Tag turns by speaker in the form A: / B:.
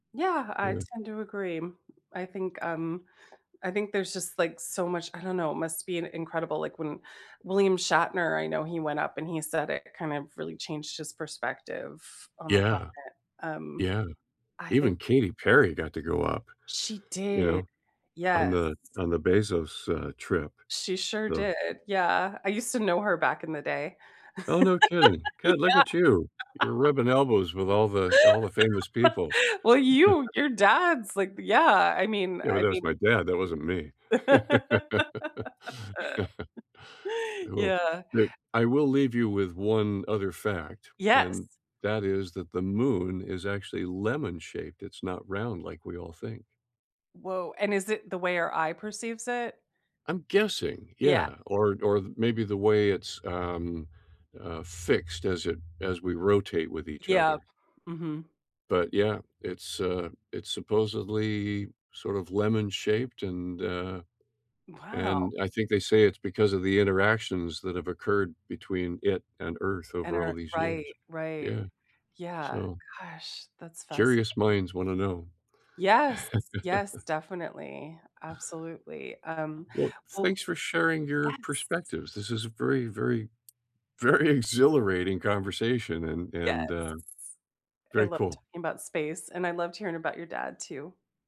A: Yeah, I
B: Yeah.
A: tend to agree I think, um I think there's just like so much I don't know, it must be an incredible like when William Shatner, I know he went up and he said it kind of really changed his perspective on the
B: Yeah.
A: planet. Um,
B: Yeah.
A: I think
B: Even Katy Perry got to go up,
A: she
B: you
A: did,
B: know, o on
A: yes.
B: the on the Bezos, uh, trip.
A: She sure
B: The
A: did, yeah, I used to know her back in the day.
B: Oh, no, kidding good,
A: Yeah.
B: look at you. You're rubbing elbows with all the all the famous people.
A: Well, you your dad's, like, yeah. I mean,
B: Yeah, but
A: I
B: that was
A: mean
B: my dad, that wasn't me. Well,
A: Yeah.
B: look, I will leave you with one other fact,
A: Yes.
B: and that is that the moon is actually lemon shaped it's not round like we all think.
A: Woah, and is it the way our eye perceives it?
B: I'm guessing.
A: Yeah.
B: Yeah. Or or maybe the way it's, um, uh, fixed as it as we rotate with each
A: Yep.
B: other.
A: Mhm.
B: But, yeah, it's, uh, it's supposedly sort of lemon shaped, and, uh,
A: Wow!
B: and I think they say it's because of the interactions that have occurred between it and Earth
A: And
B: over all
A: Earth,
B: these
A: right,
B: years.
A: right.
B: Yeah.
A: Yeah.
B: So
A: Gosh, that's
B: curious
A: fascinating.
B: minds want to know.
A: Yes. Yes, definitely. Absolutely. Um,
B: Well,
A: well
B: thanks for sharing your
A: Yes.
B: perspectives, this is a very, very, very, exhilarating conversation and
A: Yes.
B: and, uh,
A: I
B: very
A: love
B: cool.
A: talking about space, and I loved hearing about your dad too.